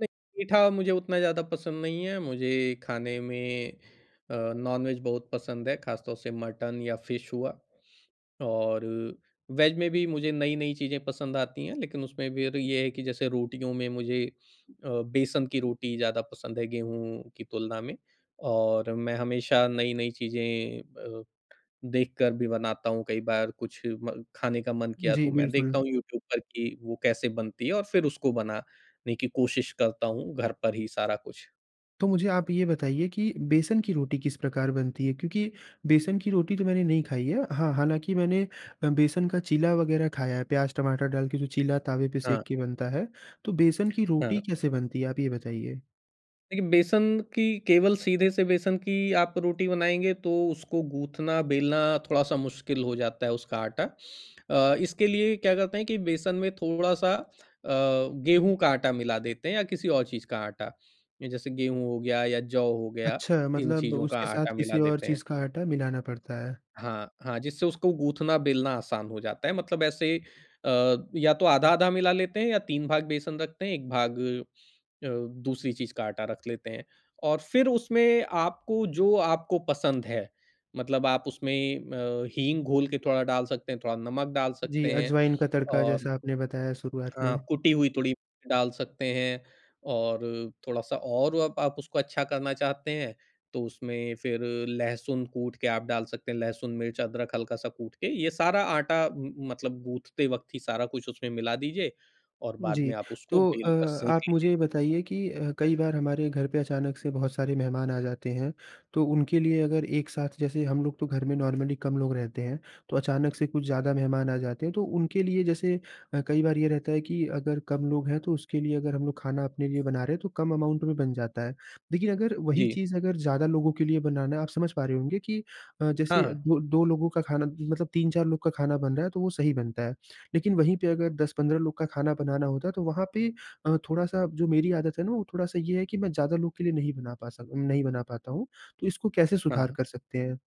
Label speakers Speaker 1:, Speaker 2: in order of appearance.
Speaker 1: नहीं। मीठा मुझे उतना ज़्यादा पसंद नहीं है। मुझे खाने में अ, नॉनवेज बहुत पसंद है, खास तौर से मटन या फिश हुआ। और अ, वेज में भी मुझे नई-नई चीज़ें पसंद आती हैं, लेकिन उसमें फिर ये है कि जैसे रोटियों में मुझे अ, बेसन की रोटी ज़्यादा पसंद है, गेहूँ की तुलना में। और मैं हमेशा नई-नई चीज़ें अ, देखकर भी बनाता हूँ। कई बार कुछ म खाने का मन किया तो
Speaker 2: जी,
Speaker 1: मैं
Speaker 2: बिल्कुल।
Speaker 1: देखता हूँ यूट्यूब पर कि वो कैसे बनती है और फिर उसको बनाने की कोशिश करता हूँ, घर पर ही सारा कुछ।
Speaker 2: तो मुझे आप ये बताइए कि बेसन की रोटी किस प्रकार बनती है? क्योंकि बेसन की रोटी तो मैंने नहीं खाई है। हाँ, हालांकि मैंने बेसन का चीला वगैरह खाया है, प्याज-टमाटर डाल के जो चीला तावे पे सेक
Speaker 1: हाँ।
Speaker 2: के बनता है। तो बेसन की
Speaker 1: हाँ।
Speaker 2: रोटी कैसे बनती है? आप ये बताइए।
Speaker 1: देखिए बेसन की केवल सीधे से बेसन की आप रोटी बनाएँगे तो उसको गूँथना बेलना थोड़ा सा मुश्किल हो जाता है उसका आटा। अ, इसके लिए क्या करते हैं कि बेसन में थोड़ा-सा अ, गेहूँ का आटा मिला देते हैं या किसी और चीज़ का आटा। जैसे गेहूँ हो गया या जौ हो गया
Speaker 2: अच्छा
Speaker 1: इन
Speaker 2: मतलब
Speaker 1: चीज़ों का
Speaker 2: उसके साथ
Speaker 1: आटा मिला
Speaker 2: किसी और
Speaker 1: देते हैं।
Speaker 2: चीज़ का आटा मिलाना पड़ता है।
Speaker 1: हाँ, हाँ। जिससे उसको गूँथना बेलना आसान हो जाता है, मतलब ऐसे अ, या तो आधा-आधा मिला लेते हैं या 3 भाग बेसन रखते हैं, 1 भाग अ अ, दूसरी चीज का आटा रख लेते हैं। और फिर उसमें आपको जो आपको पसंद है, मतलब आप उसमें अ, हींग घोल के थोड़ा डाल सकते हैं, थोड़ा नमक डाल
Speaker 2: जी,
Speaker 1: सकते हैं
Speaker 2: अजवाइन का तड़का
Speaker 1: और,
Speaker 2: जैसा आपने बताया शुरुआत
Speaker 1: हाँ
Speaker 2: में।
Speaker 1: कुटी हुई थोड़ी डाल सकते हैं। और अ, थोड़ा-सा और आप उसको अच्छा करना चाहते हैं तो उसमें फिर लहसुन कूट के आप डाल सकते हैं। लहसुन, मिर्च, अदरक हल्का सा कूट के ये सारा आटा मतलब गूथते वक़्त ही सारा कुछ उसमें मिला दीजिए, और बाद
Speaker 2: जी।
Speaker 1: में आप उसको
Speaker 2: तो अ,
Speaker 1: बेल कर सेंक
Speaker 2: आप
Speaker 1: लीजिए।
Speaker 2: मुझे ये बताइए कि अ, कई बार हमारे घर पे अचानक से बहुत सारे मेहमान आ जाते हैं, तो उनके लिए अगर एक साथ जैसे हम लोग तो घर में नॉर्मली कम लोग रहते हैं, तो अचानक से कुछ ज़्यादा मेहमान आ जाते हैं तो उनके लिए जैसे अ, कई बार ये रहता है कि अगर कम लोग हैं तो उसके लिए अगर हम लोग खाना अपने लिए बना रहे हैं तो कम अमाउंट में बन जाता है। देखिए अगर वही
Speaker 1: जी।
Speaker 2: चीज़ अगर ज़्यादा लोगों के लिए बनाना है, आप समझ पा रहे होंगे कि अ,
Speaker 1: हाँ,
Speaker 2: जैसे अ,
Speaker 1: हाँ।
Speaker 2: दो 2 लोगों का खाना मतलब 3-4 लोग का खाना बन रहा है तो वो सही बनता है। लेकिन वही पे अगर 10-15 लोग का खाना बनाना होता है तो वहाँ पे अ, थोड़ा-सा जो मेरी आदत है ना वो थोड़ा-सा ये है कि मैं ज़्यादा लोग के लिए नहीं बना पासा नहीं बना पाता हूँ। तो इसको कैसे सुधार
Speaker 1: हाँ।
Speaker 2: कर सकते हैं?